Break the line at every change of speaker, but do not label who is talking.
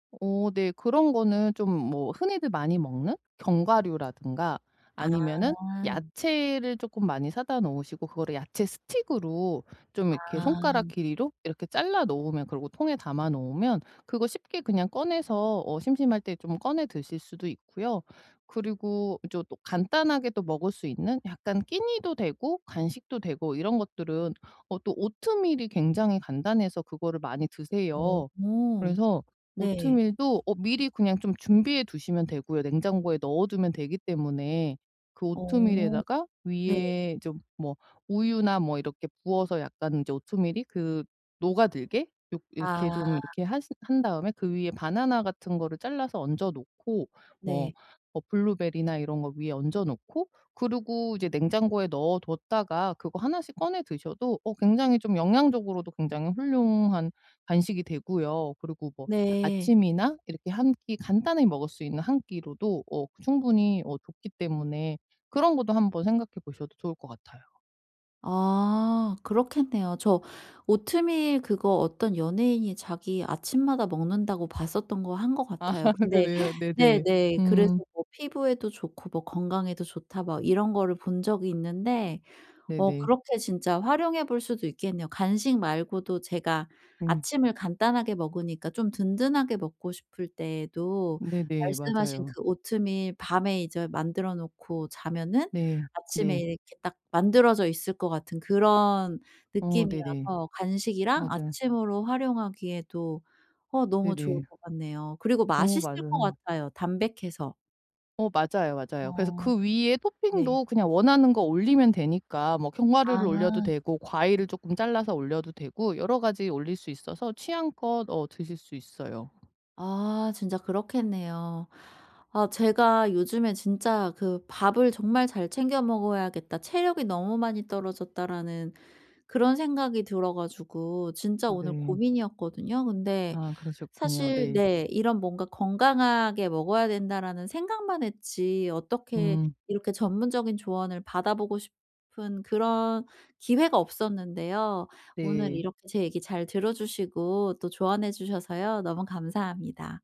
어 네. 그런 거는 좀 뭐 흔히들 많이 먹는 견과류라든가 아니면은
아.
야채를 쪼끔 많이 사다 놓으시고 그거를 야채 스틱으로 좀 이렇게 손가락
아.
길이로 이렇게 잘라 놓으면 그리고 통에 담아 놓으면 그거 쉽게 그냥 꺼내서 어 심심할 때 좀 꺼내 드실 수도 있고요. 그리고 이제 또 간단하게도 먹을 수 있는 약간 끼니도 되고 간식도 되고 이런 것들은 어 또 오트밀이 굉장히 간단해서 그거를 많이 드세요.
어
그래서
네.
오트밀도 어 미리 그냥 좀 준비해 두시면 되고요. 냉장고에 넣어두면 되기 때문에 그
어
오트밀에다가
네.
위에 좀 뭐 우유나 뭐 이렇게 부어서 약간 이제 오트밀이 그 녹아들게 요 이렇게
아.
좀 이렇게 하신 한 다음에 그 위에 바나나 같은 거를 잘라서 얹어 놓고 뭐
네.
뭐 블루베리나 이런 거 위에 얹어 놓고 그리고 이제 냉장고에 넣어 뒀다가 그거 하나씩 꺼내 드셔도 어 굉장히 좀 영양적으로도 굉장히 훌륭한 간식이 되고요. 그리고 뭐
네.
아침이나 이렇게 1끼 간단히 먹을 수 있는 1끼로도 어 충분히 어 좋기 때문에 그런 것도 한번 생각해 보셔도 좋을 것 같아요.
아 그렇겠네요. 저 오트밀 그거 어떤 연예인이 자기 아침마다 먹는다고 봤었던 거 한 것
아
같아요. 근데
그래요? 네네.
네네 그래서
음.
뭐 피부에도 좋고 뭐 건강에도 좋다 막 이런 거를 본 적이 있는데 어
네네.
그렇게 진짜 활용해 볼 수도 있겠네요. 간식 말고도 제가
음.
아침을 간단하게 먹으니까 좀 든든하게 먹고 싶을 때에도
네네.
말씀하신
맞아요.
그 오트밀 밤에 이제 만들어 놓고 자면은
네.
아침에
네.
이렇게 딱 만들어져 있을 거 같은 그런
어 네네.
느낌이라서 간식이랑
맞아요.
아침으로 활용하기에도 어 너무 좋을
네네.
것 같네요. 그리고
어
맛있을 거
맞아요.
같아요, 담백해서.
어 맞아요, 맞아요. 그래서
어
그 위에
네.
토핑도 그냥 원하는 거 올리면 되니까 뭐 견과류를 올려도
아.
되고 과일을 쪼끔 잘라서 올려도 되고 여러 가지 올릴 수 있어서 취향껏 어 드실 수 있어요.
아 진짜 그렇겠네요. 아 제가 요즘에 진짜 그 '밥을 정말 잘 챙겨 먹어야겠다, 체력이 너무 많이 떨어졌다.'라는 그런 생각이 들어 가지고 진짜 오늘
네.
고민이었거든요. 근데
아 그러셨군요.
사실
네.
네 이런 뭔가 '건강하게 먹어야 된다.'라는 생각만 했지 어떻게
음.
이렇게 전문적인 조언을 받아보고 싶은 그런 기회가 없었는데요. 오늘
네.
이렇게 제 얘기 잘 들어주시고 또 조언해 주셔서요 너무 감사합니다.